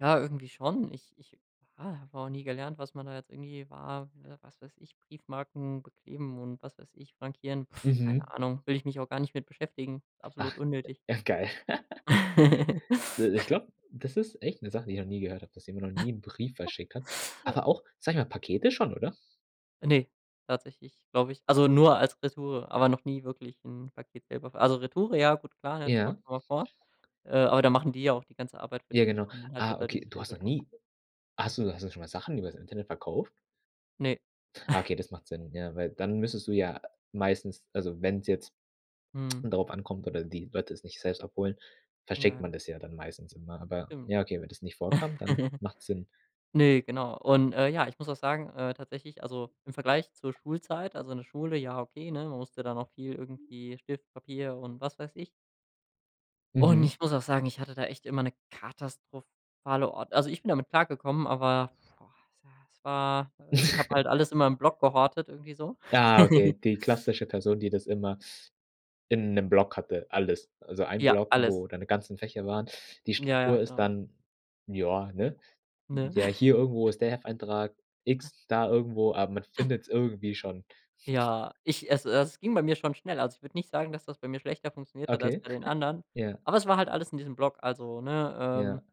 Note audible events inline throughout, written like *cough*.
Ja, irgendwie schon. Ich ich, ja, habe auch nie gelernt, was man da jetzt irgendwie war wa was weiß ich, Briefmarken bekleben und was weiß ich, frankieren, *exhales* keine Mhm. Ahnung, will ich mich auch gar nicht mit beschäftigen, Ach, absolut unnötig. äh, geil. *laughs* *chuckles* De ich *snorts* glaube, das ist echt 'ne Sache, die ich noch nie gehört habe, dass jemand noch nie 'n Brief *chuckles* verschickt hat. Aber auch, sage ich mal, Pakete schon, oder? Ne, tatsächlich glaube ich also nur als Retoure, aber noch nie wirklich 'n Paket selber ver also Retoure, ja gut klar, das kommt Ja. schon mal vor, äh, aber da machen die ja auch die ganze Arbeit für Ja, dich. Ich genau. meine, man hat ja Ah, da okay, dieses du hast Label noch drauf. nie hast du hast du schon mal Sachen übers Internet verkauft? Ne. Ah, *chuckles* okay, das macht Sinn, ja, weil dann müsstest du ja meistens also wenn's jetzt Mhm. darauf ankommt oder die Leute es nicht selbst abholen, verschickt Ja. man das ja dann meistens immer. Aber Stimmt. ja, okay, wenn das nicht vorkam, dann *giggles* macht's Sinn. Ne, genau, und, äh, ja, ich muss auch sagen, äh, tatsächlich also im Vergleich zur Schulzeit also in der Schule, ja okay, ne, man musste da noch viel irgendwie Stift, Papier und was weiß ich. Und Mhm. ich muss auch sagen, ich hatte da echt immer 'ne katastrophale Ord also ich bin damit klargekommen, aber boah, es war es war ich habe halt alles in *chuckles* meinem Block gehortet irgendwie so. Ja, okay, *giggles* die klassische Person, die das immer in 'nem Block hatte, alles. Also ein Ja, Block, alles. wo deine ganzen Fächer waren. Die Ja, ja, Struktur ist genau. dann ja, ne? Ne? Ja, *chuckles* hier irgendwo ist der Hefteintrag X, da irgendwo aber man findet's irgendwie schon. Ja, ich also das ging bei mir schon schnell. Also ich würde nicht sagen, dass das bei mir schlechter funktioniert hat als Okay, bei *chuckles* den anderen, ja. aber es war halt alles in diesem Block. Also, ne, ähm, Ja.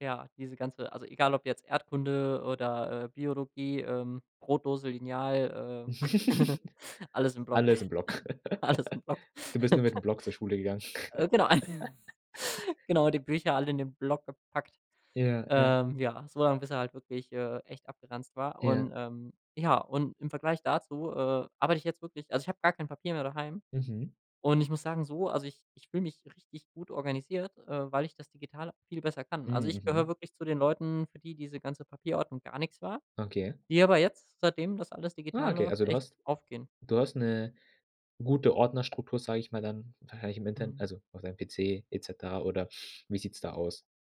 ja, diese ganze also egal ob jetzt Erdkunde oder, äh, Biologie, ähm, Brotdose, Lineal, äh, *giggles* *giggles* alles im Block, Alles im Block. *chuckles* alles im Block. *laughs* Du bist nur mit dem *chuckles* Block zur Schule gegangen. Äh, genau *chuckles* *laughs* genau, die Bücher alle in den Block gepackt, Ja, ja. ähm, ja, so lang, bis er halt wirklich, äh, echt abgeranzt war, Ja. und, ähm ja, und im Vergleich dazu, äh, arbeite ich jetzt wirklich also ich habe gar kein Papier mehr daheim Mhm. und ich muss sagen so also ich ich fühle mich richtig gut organisiert, äh, weil ich das digital viel besser kann. Also, Hm, ich gehöre mhm. wirklich zu den Leuten, für die diese ganze Papierordnung gar nix war, Okay. die aber jetzt, seitdem das alles Ah, digital okay, läuft, also du echt hast aufgehen. du hast 'ne gute Ordnerstruktur, sage ich mal, dann wahrscheinlich im Internet Mhm. also auf deinem PC et cetera oder wie sieht's da aus?